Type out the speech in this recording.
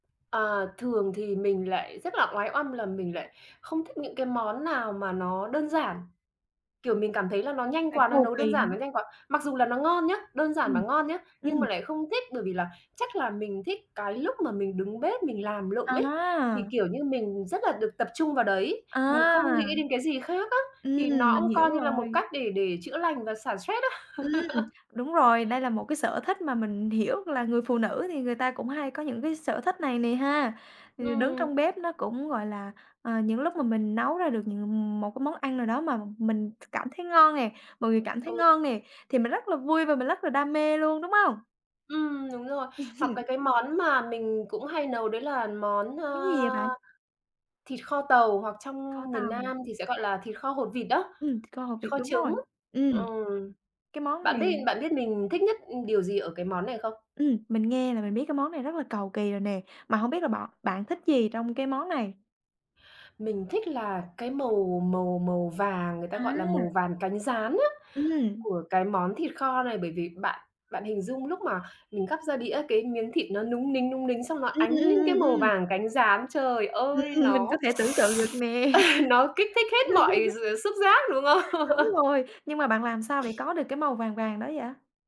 Ờ, thường thì mình lại rất là oái oăm là mình lại không thích những cái món nào mà nó đơn giản. Kiểu, mình cảm thấy là nó nhanh Phải quá, nó cầu nấu đơn kỳ hả? giản, nó nhanh quá, mặc dù là nó ngon nhá, đơn giản mà Ừm. ngon nhá, nhưng Ừm. mà lại không thích. Bởi vì là chắc là mình thích cái lúc mà mình đứng bếp mình làm lụng ấy, thì À! kiểu như mình rất là được tập trung vào đấy, mình À! không nghĩ đến cái gì khác á, thì Ừm, nó mình cũng hiểu coi như là một rồi. cách để để chữa lành và xả stress á. Ừm, đúng rồi. Đây là một cái sở thích mà mình hiểu là người phụ nữ thì người ta cũng hay có những cái sở thích này nè ha. Thì đứng Ừm. trong bếp nó cũng, gọi là, à, những lúc mà mình nấu ra được, ừm, một cái món ăn nào đó mà mình cảm thấy ngon nè, mọi người cảm thấy Ừ. ngon nè, thì mình rất là vui và mình rất là đam mê luôn, đúng hông? Ừm, đúng rồi. Ừm, Hoặc hừm. cái cái món mà mình cũng hay nấu đấy là món, Món gì vậy ơ, bạn? thịt kho tàu hoặc Kho trong miền tàu. Nam thì sẽ gọi là thịt kho hột vịt đó, Ừm, thịt kho hột vịt, kho đúng rồi. trứng. Ừm. Ừm, Cái món bạn này biết bạn biết mình thích nhất, ừm, điều gì ở cái món này không? Ừm, mình nghe là mình biết cái món này rất là cầu kỳ rồi nè. Mà hông biết là bọ bạn thích gì trong cái món này? Mình thích là cái màu màu màu vàng, người ta gọi là màu À! vàng cánh gián á, Ừm. của cái món thịt kho này. Bởi vì, bạn bạn hình dung lúc mà mình gắp ra đĩa cái miếng thịt nó núng nính, núng nính xong nó Ừm, ánh ừm, lên ừm, cái ừm, màu ừm. vàng cánh gián, trời ơi, Ừm, mình có nó thể tưởng tượng được nè. nó kích thích hết mọi gi xúc giác, đúng Đúng không? rồi. Nhưng mà bạn làm sao để có được cái màu vàng vàng đó vậy?